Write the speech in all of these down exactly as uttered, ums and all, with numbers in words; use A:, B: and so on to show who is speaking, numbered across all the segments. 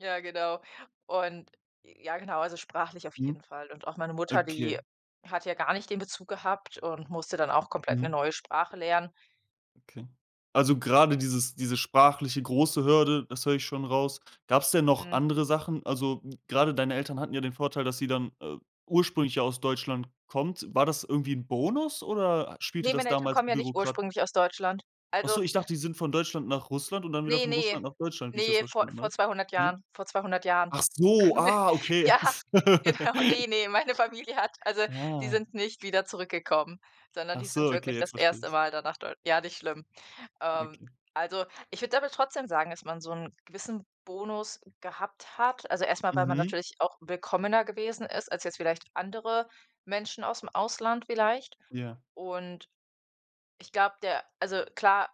A: Ja, genau. Und ja genau, also sprachlich auf
B: Mhm,
A: jeden Fall. Und auch meine Mutter, die
B: okay.
A: hat ja gar nicht den Bezug gehabt und musste dann auch komplett 'ne
B: Mhm.
A: neue Sprache lernen.
B: Okay, also grade dieses diese sprachliche große Hürde, das höre ich schon raus. Gab's denn noch
A: Hm.
B: andere Sachen? Also grade deine Eltern hatten ja den Vorteil, dass sie dann, äh, ursprünglich ja aus Deutschland kommt. War das irgendwie 'n Bonus oder spielte
A: Ne,
B: das
A: meine Eltern
B: damals
A: kommen ja nicht
B: bürokra
A: ursprünglich aus Deutschland.
B: Ach
A: Also
B: so, ich dachte, die sind von Deutschland nach Russland und dann wieder
A: Ne,
B: von
A: ne,
B: Russland nach Deutschland, wie ich das
A: ne, vor
B: verstanden habe.
A: vor zweihundert
B: Ne?
A: Jahren vor zweihundert Jahren
B: Ach so,
A: kamen wir
B: ah, okay.
A: ja, genau ne, ne, meine Familie hat also, die
B: Ah.
A: sind nicht wieder zurückgekommen, sondern
B: Ach
A: die
B: so,
A: sind
B: okay,
A: wirklich
B: jetzt
A: das
B: verstehe
A: erste
B: ich's.
A: Mal dann nach Deu ja, nicht schlimm. Ähm,
B: Okay.
A: also, ich würde aber trotzdem sagen, dass man so 'n gewissen Bonus gehabt hat, also erst mal, weil man
B: Mhm.
A: natürlich auch willkommener gewesen ist als jetzt vielleicht andere Menschen ausm Ausland vielleicht.
B: Ja.
A: Und ich glaube, der also, klar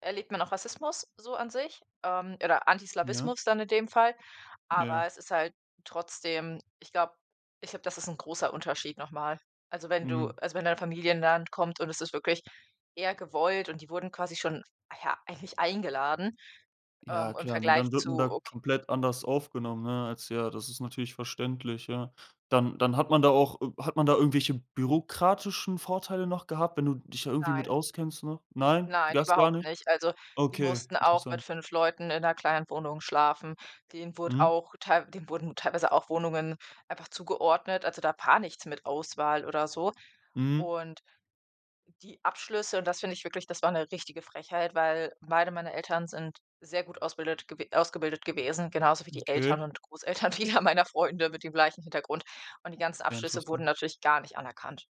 A: erlebt man auch Rassismus so an sich ähm, oder
B: Ja.
A: Antislawismus dann in dem Fall, aber
B: Ja.
A: es ist halt trotzdem, ich glaube ich glaube, das ist 'n großer Unterschied noch mal. Also, wenn du
B: Mhm.
A: also, wenn deine Familie in 'n Land kommt und es ist wirklich eher gewollt und die wurden quasi schon, ja, eigentlich eingeladen,
B: Ja,
A: ähm, im
B: klar, ne?
A: Vergleich
B: Dann wird
A: zu,
B: man da
A: okay
B: komplett anders aufgenommen, ne? Als ja das ist natürlich verständlich, ja. Dann dann hat man da auch äh, hat man da irgendwelche bürokratischen Vorteile noch gehabt, wenn du dich da irgendwie mit
A: Nein.
B: auskennst, ne? Nein?
A: Nein,
B: Das gar
A: überhaupt
B: nicht?
A: nicht. Also, die
B: Okay,
A: mussten auch mit
B: interessant.
A: fünf Leuten in 'ner kleinen Wohnung schlafen. Den wurde
B: Mhm.
A: auch teilw denen wurden teilweise auch Wohnungen einfach zugeordnet. Also, da war nichts mit Auswahl oder so.
B: Mhm.
A: Und die Abschlüsse und das finde ich wirklich das war 'ne richtige Frechheit, weil beide meiner Eltern sind sehr gut ausbildet gew ausgebildet gewesen, genauso wie die Eltern
B: Okay.
A: und Großeltern vieler meiner Freunde mit dem gleichen Hintergrund. Und die ganzen
B: Ja,
A: Abschlüsse wurden
B: interessant.
A: natürlich gar nicht anerkannt.